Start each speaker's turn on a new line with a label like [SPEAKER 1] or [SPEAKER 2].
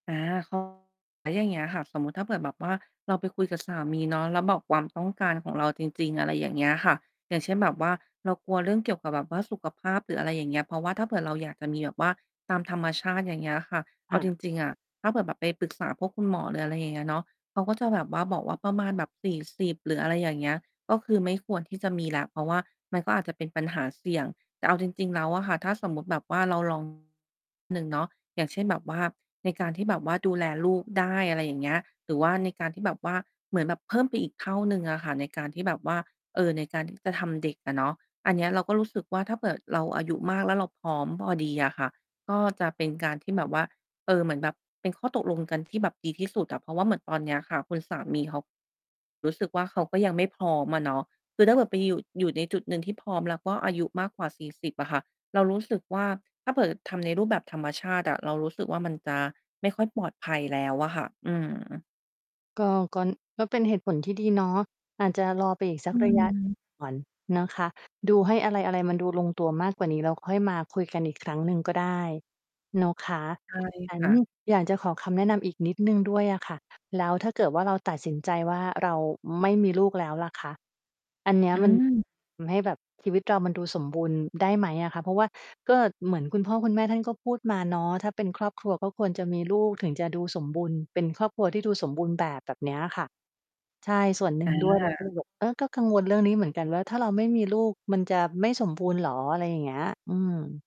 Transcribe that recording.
[SPEAKER 1] อา [unintelligible] แล้วอย่างเงี้ยค่ะ สมมุติถ้าเผื่อแบบว่าเราไปคุยกับสามีเนาะ แล้วบอกความต้องการของเราจริง ๆ อะไรอย่างเงี้ยค่ะ อย่างเช่น แบบว่าเรากลัวเรื่องเกี่ยวกับแบบว่าสุขภาพหรือ อะไรอย่างเงี้ย เพราะว่าถ้าเผื่อเราอยากจะมีแบบว่าตามธรรมชาติ อย่างเงี้ยอะค่ะ เ
[SPEAKER 2] ค
[SPEAKER 1] อา
[SPEAKER 2] ่
[SPEAKER 1] จ
[SPEAKER 2] ะ
[SPEAKER 1] ริง ๆ อะ ถ้าเผื่อแบบไปปรึกษาพวกคุณหมอหรือ อะไรอย่างเงี้ยเนาะ เขาก็ จะ แบบว่าบอกว่า ประมาณแบบ 40 หรือ อะไรอย่างเงี้ย ก็คือไม่ควรที่จะมีแล้ว เพราะว่ามันก็อาจจะเป็นปัญหาเสี่ยง แต่เอาจริง ๆ แล้วอะค่ะ ถ้าสมมุติแบบว่าเรา ลอง หนึ่งเนาะ อย่างเช่น แบบว่าในการที่แบบว่าดูแลลูกได้ อะไรอย่างเงี้ย หรือว่าในการที่แบบว่า เหมือนแบบเพิ่มไปอีกเท่าหนึ่งอะค่ะ ในการที่จะแบบว่า เออ ในการ ที่ จะทำเด็กอะเนาะ อันเนี้ย เราก็รู้สึกว่า ถ้าเผื่อเราอายุมาก แล้วเราพร้อมพอดีอะค่ะ ก็ จะ เป็นการที่แบบว่า เออ เหมือนแบบเป็นข้อตกลงกันที่แบบดีที่สุดอะ เพราะว่าเหมือนตอนเนี้ยค่ะ คุณสามีเขา รู้สึกว่า เขาก็ยังไม่พร้อมอะเนาะ คือถ้าเกิดไปอยู่ อยู่ในจุดหนึ่งที่พร้อม แล้วก็อายุมากกว่า 40 อะค่ะ เรารู้สึกว่า ถ้าเผื่อทำใน รูปแบบ ธรรมชาติอะ เรารู้สึกว่า มันจะไม่ค่อยปลอดภัยแล้วอะค่ะ อืม
[SPEAKER 2] ก็ กอน ก็เป็นเหตุผลที่ดีเนาะ อาจจะรอไปอีกส
[SPEAKER 1] อ
[SPEAKER 2] ักระยะ
[SPEAKER 1] ืม
[SPEAKER 2] ก่อนนะคะ ดูให้อะไร ๆ มันดูลงตัวมากกว่านี้ แล้วค่อยมาคุยกันอีกครั้งหนึ่งก็ได้ เนาะคะ
[SPEAKER 1] ใช่
[SPEAKER 2] งั้
[SPEAKER 1] ค
[SPEAKER 2] น
[SPEAKER 1] ่ะ
[SPEAKER 2] อยากจะขอคำแนะนำอีกนิดหนึ่งด้วยอะค่ะ แล้วถ้าเกิดว่าเราตัดสินใจว่า เราไม่มีลูกแล้วล่ะคะ อันเนี้
[SPEAKER 1] อ
[SPEAKER 2] ย
[SPEAKER 1] ื
[SPEAKER 2] มัน
[SPEAKER 1] ม
[SPEAKER 2] ทำให้แบบชีวิตกามันดูสมบูรณ์ได้ไหมอะคะ? เพราะว่าก็เหมือนคุณพ่อ คุณแม่ท่านก็พูดมาเนาะ "ถ้าเป็นครอบครัว ก็ควรจะมีลูกถึงจะดูสมบูรณ์ เป็นครอบครัวที่ดูสมบูรณ์แบบ" แบบเนี้ยค่ะ ใช่ ส่วนหนึ่
[SPEAKER 1] อ
[SPEAKER 2] งด้วย เราก็เล
[SPEAKER 1] า
[SPEAKER 2] ยแบบ เออ ก็กังวลเรื่องนี้เหมือนกันว่า ถ้าเราไม่มีลูกมันจะไม่สมบูรณ์เหรอ? อะไรอย่างเงี้ย อืม